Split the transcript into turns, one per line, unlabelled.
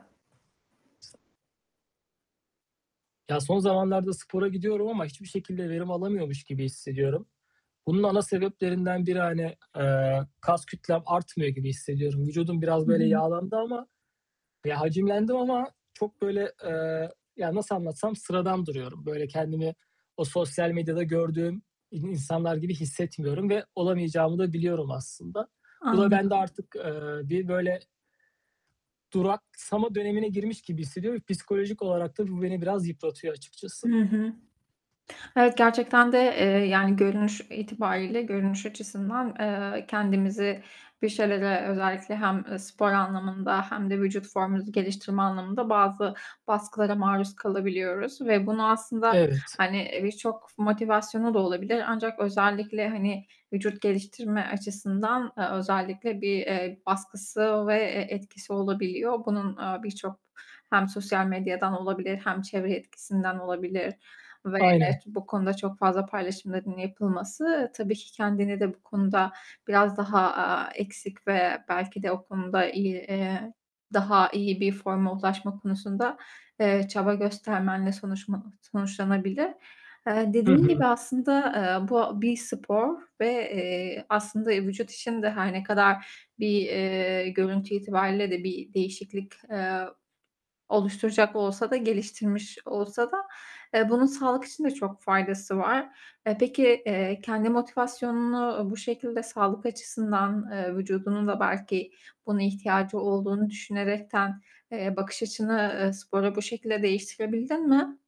[unintelligible] Ya, son zamanlarda spora gidiyorum ama hiçbir şekilde verim alamıyormuş gibi hissediyorum. Bunun ana sebeplerinden biri hani, eee, kas kütlem artmıyor gibi hissediyorum, vücudum biraz
Hı
böyle
hı.
yağlandı ama Ya, hacimlendim ama çok böyle, eee, ya, nasıl anlatsam sıradan duruyorum. Böyle kendimi o sosyal medyada gördüğüm i insanlar gibi hissetmiyorum ve olamayacağımı da biliyorum aslında. Bu da bende
Anladım.
artık, eee, bir, böyle, duraksama dönemine girmiş gibi hissediyorum ve psikolojik olarak da bu beni biraz yıpratıyor açıkçası.
Hı hı. Evet, gerçekten de, eee, yani görünüş itibariyle, görünüş açısından, eee, kendimizi bir şeylere özellikle hem, eee, spor anlamında hem de vücut formumuzu geliştirme anlamında bazı baskılara maruz kalabiliyoruz ve bunu aslında,
Evet.
hani, eee, birçok motivasyonu da olabilir ancak özellikle hani vücut geliştirme açısından, eee, özellikle bir, eee, baskısı ve, eee, etkisi olabiliyor. Bunun, eee, birçok hem sosyal medyadan olabilir hem çevre etkisinden olabilir ve
Aynen.
evet bu konuda çok fazla paylaşımların yapılması tabii ki kendini de bu konuda biraz daha, aaa, eksik ve belki de o konuda iyi, eee, daha iyi bir forma ulaşma konusunda, eee, çaba göstermenle sonuçma sonuçlanabilir. Eee,
Hı
dediğim gibi
hı.
aslında, eee, bu bir spor ve, eee, aslında, eee, vücut için de her ne kadar bir, eee, görüntü itibariyle de bir değişiklik, eee, oluşturacak olsa da, geliştirmiş olsa da, eee, bunun sağlık için de çok faydası var. Eee, peki, eee, kendi motivasyonunu, uuu, bu şekilde sağlık açısından, eee, vücudunun da belki buna ihtiyacı olduğunu düşünerekten, eee, bakış açını, eee, sporu bu şekilde değiştirebildin mi?